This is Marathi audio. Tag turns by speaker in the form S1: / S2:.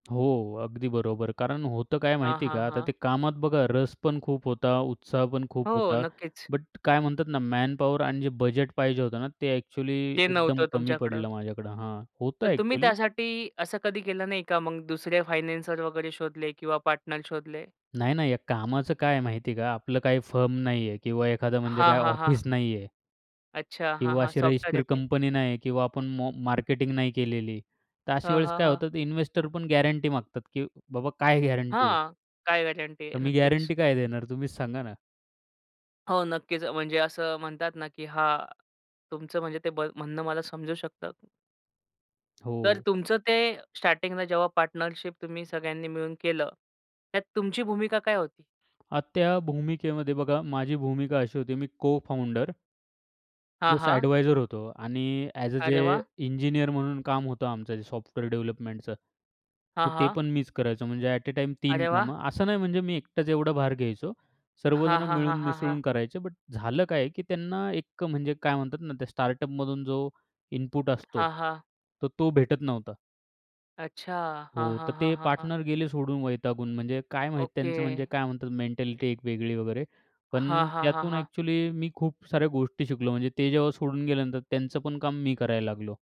S1: हो. अगदी बरोबर. कारण होतं काय
S2: हां,
S1: माहिती आहे
S2: हां,
S1: का आता
S2: हां.
S1: ते कामात बघा रस पण खूप होता. उत्साह पण खूप
S2: हो.
S1: होता.
S2: नक्कीच.
S1: बट काय म्हणतात ना मॅनपॉवर आणि जे बजेट पाहिजे होतं ना ते एक्चुअली
S2: ते
S1: एकदम
S2: नव्हतं
S1: कमी
S2: तुमच्याकडं.
S1: पडलं माझ्याकडं हां होतं
S2: तर तुम्ही
S1: एक्चुअली.
S2: त्यासाठी असं कधी केलं नाही का. मग दुसरे फायनान्सर वगैरे शोधले किंवा पार्टनर शोधले?
S1: नाही, नाही. या कामाचं काय आहे माहिती आहे का आपलं काही फर्म नाही आहे. किंवा एखादं म्हणजे
S2: हां,
S1: काय
S2: हां, हां.
S1: ऑफिस नाहीये.
S2: अच्छा. हां,
S1: किंवा
S2: हां.
S1: अशी
S2: सॉफ्टवेअर
S1: रजिस्टर
S2: आहे ते.
S1: कंपनी नाही किंवा आपण म मार्केटिंग नाही केलेली. तर अशा
S2: हां,
S1: वेळेस
S2: हां,
S1: काय
S2: हां.
S1: होतं इन्व्हेस्टर पण गॅरंटी मागतात की बाबा काय गॅरंटी आहे?
S2: हां. काय गॅरंटी
S1: तर
S2: आहे?
S1: मी
S2: नक्कीच.
S1: गॅरंटी काय देणार तुम्हीच सांगा ना?
S2: हो नक्कीच. म्हणजे असं म्हणतात ना, की हां तुमचं म्हणजे ते म्हणणं मला समजू शकतं. तर
S1: हो.
S2: तुमचं ते स्टार्टिंगला जेव्हा पार्टनरशिप तुम्ही सगळ्यांनी मिळून केलं. त्यात तुमची भूमिका काय होती?
S1: अ, त्या भूमिकेमध्ये बघा माझी भूमिका अशी होती मी को-फाउंडर
S2: हां,
S1: प्लस
S2: हां.
S1: एडवायझर होतो. आणि ॲज अ,
S2: अरे
S1: जे
S2: वाह!
S1: इंजिनिअर म्हणून काम होतं आमचं जे सॉफ्टवेअर डेव्हलपमेंटचं.
S2: हां,
S1: तर ते
S2: हां.
S1: पण मीच करायचो म्हणजे अट अ, टाईम तीन
S2: अरे वाह!
S1: कामं असं नाही म्हणजे मी एकटाच एवढा भार घ्यायचो.
S2: हां,
S1: सर्वजण
S2: हां, हां,
S1: मिळून
S2: हां, हां.
S1: मिसळून करायचे, बट झालं काय की त्यांना एक म्हणजे काय म्हणतात ना त्या स्टार्टअपमधून जो इनपुट असतो.
S2: हां, हां.
S1: तर तो भेटत नव्हता.
S2: अच्छा.
S1: हो
S2: हां, हां,
S1: तर
S2: हां,
S1: ते
S2: हां, हां.
S1: पार्टनर गेले सोडून वैतागून. म्हणजे काय माहिती त्यांचं
S2: ओके.
S1: म्हणजे काय म्हणतात मेंटॅलिटी एक वेगळी वगैरे.
S2: हां,
S1: पण
S2: हां, हां,
S1: त्यातून
S2: हां.
S1: एक्चुअली मी खूप साऱ्या गोष्टी शिकलो. म्हणजे ते जेव्हा सोडून गेल्यानंतर त्यांचं पण काम मी करायला लागलो.